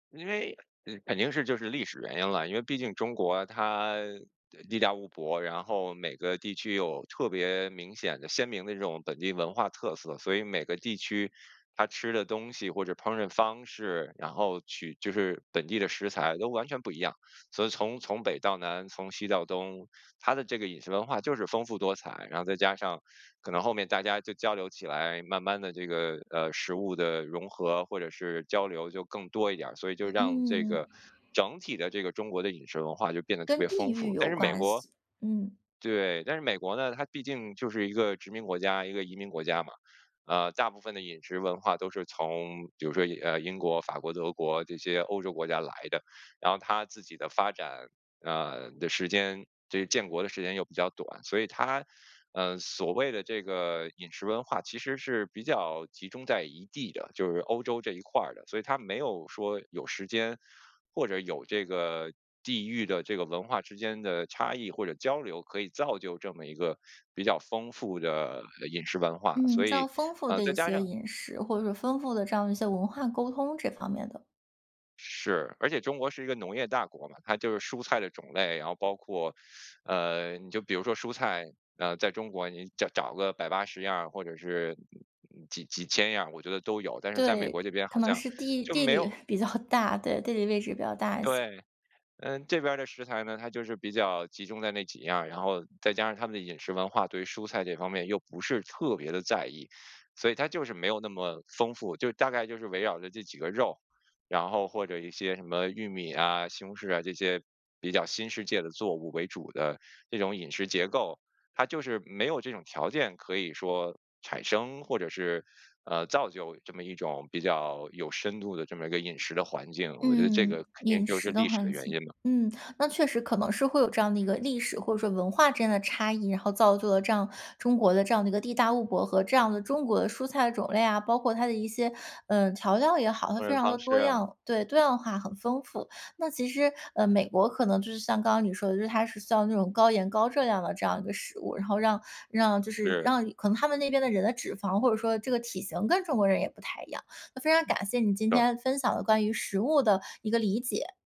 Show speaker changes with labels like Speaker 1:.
Speaker 1: 因为呃，肯定是就是历史原因了。因为毕竟中国它，呃地大物博，然后每个地区有特别明显的、鲜明的这种本地文化特色，所以每个地区它吃的东西或者烹饪方式，然后取就是本地的食材都完全不一样。所以从从北到南、从西到东，它的这个饮食文化就是丰富多彩，然后再加上可能后面大家就交流起来，慢慢地这个呃，食物的融合或者是交流就更多一点儿，所以就让这
Speaker 2: 嗯。
Speaker 1: 个整体的这个中国的饮食文化就变得特
Speaker 2: 跟
Speaker 1: 别
Speaker 2: 地
Speaker 1: 丰
Speaker 2: 域
Speaker 1: 富。但
Speaker 2: 有
Speaker 1: 是美
Speaker 2: 关
Speaker 1: 国
Speaker 2: 系，嗯。
Speaker 1: 对，但是美国呢，它毕竟就是一个殖民国家、一个移民国家嘛。呃，大部分的饮食文化都是从比如说呃英国、法国、德国这些欧洲国家来的。然后它自己的发展，呃，的时间，这个建国的时间又比较短，所以它，呃，所谓的这个饮食文化其实是比较集中在一地的，就是欧洲这一块儿的。所以它没有说有时间或者有这个地域的这个文化之间的差异或者交流，可以造就这么一个比较丰富的，呃饮食文化，
Speaker 2: 嗯，
Speaker 1: 所
Speaker 2: 这样
Speaker 1: 以，
Speaker 2: 丰富
Speaker 1: 呃，
Speaker 2: 的
Speaker 1: 再
Speaker 2: 一
Speaker 1: 加
Speaker 2: 些
Speaker 1: 上
Speaker 2: 饮食，或者说丰富的这样的一些文化沟通这方面的。
Speaker 1: 是，而且中国是一个农业大国嘛，它就是蔬菜的种类，然后包括，呃你就比如说蔬菜呃，在中国你找找个百八十样儿，或者是嗯嗯嗯，几几千样儿，我觉得都有，但是在美
Speaker 2: 对，
Speaker 1: 国这边
Speaker 2: 可
Speaker 1: 好
Speaker 2: 能
Speaker 1: 像
Speaker 2: 是地
Speaker 1: 就
Speaker 2: 地
Speaker 1: 没
Speaker 2: 理
Speaker 1: 有
Speaker 2: 比较大对，地理位置也比较大一些。
Speaker 1: 对，嗯，这边儿的食材呢，它就是比较集中在那几样儿，然后再加上他们的饮食文化，对蔬菜这方面又不是特别地在意。所以它就是没有那么丰富，就大概就是围绕着这几个肉，然后或者一些什么玉米呀、西红柿啊，这些比较新世界的作物为主的这种饮食结构。它就是没有这种条件可以说产生或者是，呃，造就这么一种比较有深度的这么一个饮食的环境，我觉得这
Speaker 2: 嗯，
Speaker 1: 个肯定
Speaker 2: 饮
Speaker 1: 就是
Speaker 2: 食的
Speaker 1: 历史的
Speaker 2: 环
Speaker 1: 原因
Speaker 2: 境。
Speaker 1: 嘛。
Speaker 2: 嗯，那确实可能是会有这样的一个历史，或者说文化之间的差异，然后造就了这样中国的这样的一个地大物博和这样的中国的蔬菜种类啊。包括它的一些，呃，调料也好，它
Speaker 1: 烹
Speaker 2: 非
Speaker 1: 饪
Speaker 2: 常地
Speaker 1: 方式
Speaker 2: 多
Speaker 1: 啊。
Speaker 2: 样对，多样化，很丰富。那其实，呃，美国可能就是像刚刚你说的，就是它是像那种高盐、高热量的这样一个食物，然后让让就是
Speaker 1: 是。
Speaker 2: 让可能它们那边的人的脂肪，或者说这个体型跟中国人也不太一样。那非常感谢你
Speaker 1: 对
Speaker 2: 今
Speaker 1: 的。
Speaker 2: 天分享的关于食物的一个理解。